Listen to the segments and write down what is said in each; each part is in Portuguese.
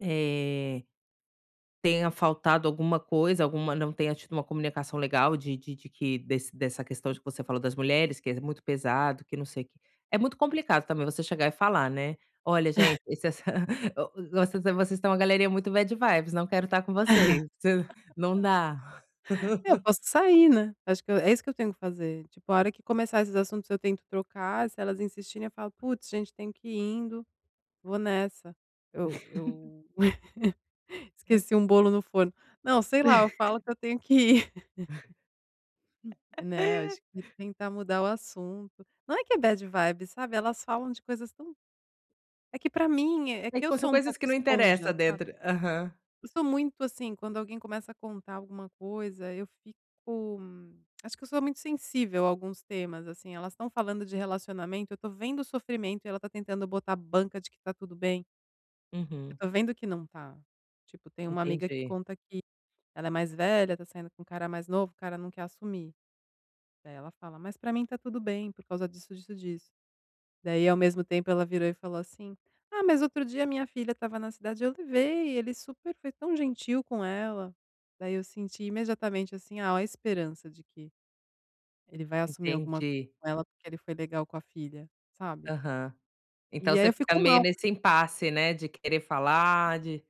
É, tenha faltado alguma coisa, alguma não tenha tido uma comunicação legal de de de que desse dessa questão de que você falou das mulheres, que é muito pesado, que não sei que. É muito complicado, também, você chegar e falar, né: "Olha gente, esse essa ó, vocês vocês estão uma galerinha muito bad vibes não quero estar com vocês, não dá". Eu posso sair, né. Acho que é isso que eu tenho que fazer, tipo, a hora que começar esses assuntos eu tento trocar, se elas insistirem eu falo: "Puts, gente tenho que ir indo, vou nessa, eu eu esqueci um bolo no forno". Não, sei lá, eu falo que eu tenho que ir. Né, acho que tentar mudar o assunto. Não é que é bad vibes, sabe, elas falam de coisas tão é que pra mim é que Tem eu co são sou um coisas pouco que não esponja, interessa sabe? dentro. Aham. Eu sou muito, assim, quando alguém começa a contar alguma coisa, eu fico acho que eu sou muito sensível a alguns temas, assim, elas estão falando de relacionamento, eu tô vendo o sofrimento e ela tá tentando botar banca de que tá tudo bem. Eu Uhum. estou vendo que não está. Tipo, tem uma amiga que Entendi. conta que ela é mais velha, tá saindo com um cara mais novo, o cara não quer assumir. Daí ela fala: "Mas pra mim tá tudo bem, por causa disso, disso, disso". Daí, ao mesmo tempo, ela virou e falou assim: "Ah, mas outro dia a minha filha estava na cidade, eu levei, ele super foi tão gentil com ela". Daí eu senti imediatamente, assim, oh, esperança de que ele vai assumir alguma Entendi. com ela, porque ele foi legal com a filha, sabe? Aham. Então E aí você eu fica fico meio mal. nesse impasse, né, de querer falar, de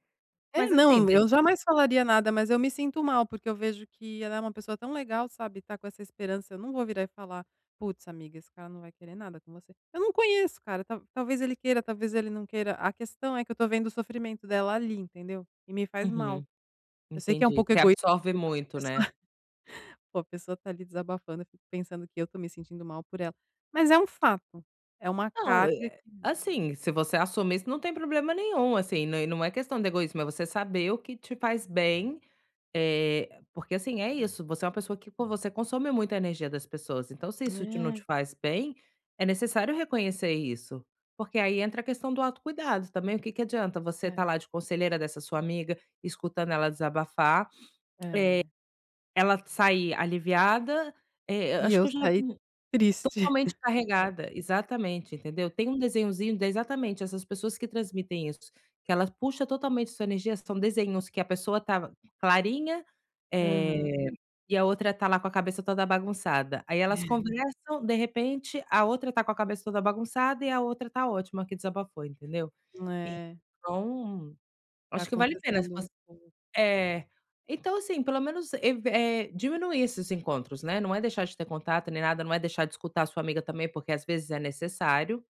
É, mas, assim, não, de eu jamais falaria nada, mas eu me sinto mal, porque eu vejo que ela é uma pessoa tão legal, sabe, e tá com essa esperança, eu não vou virar e falar: "Putz, amiga, esse cara não vai querer nada com você". Eu não conheço o cara, ta talvez ele queira, talvez ele não queira, a questão é que eu estou vendo o sofrimento dela ali, entendeu? E me faz mal. Uhum. Eu sei que é um Entendi, pouco você egoísta da absorve minha parte. muito, Eu sou né? poxa, a pessoa está ali desabafando, eu fico pensando que eu estou me sentindo mal por ela. Mas é um fato, é uma Não, carga eh, que assim, se você assumir isso não tem problema nenhum, assim, não e não é questão de egoísmo, é você saber o que te faz bem, eh, porque, assim, é isso, você é uma pessoa que poxa, você consome muita energia das pessoas, então se isso te não te É. faz bem, é necessário reconhecer isso. Porque aí entra a questão do autocuidado. Também, o que que adianta você estar É. lá de conselheira dessa sua amiga, escutando ela desabafar, É. eh, ela sair aliviada, eh, E acho eu que eu já saí vi triste. totalmente carregada, exatamente, entendeu? Tem um desenhozinho exatamente, essas pessoas que transmitem isso, que ela puxa totalmente sua energia, são desenhos que a pessoa estava clarinha, eh, Aham. e a outra tá lá com a cabeça toda bagunçada. Aí elas conversam, de repente, a outra tá com a cabeça toda bagunçada e a outra tá ótima que desabafou, entendeu? É. Então, Tá acho que vale a pena se acontecendo um você pouco. é. Então, assim, menos, ev eh, diminuir esses encontros, né, não é deixar de ter contato nem nada, não é deixar de escutar a sua amiga também, porque às vezes é necessário.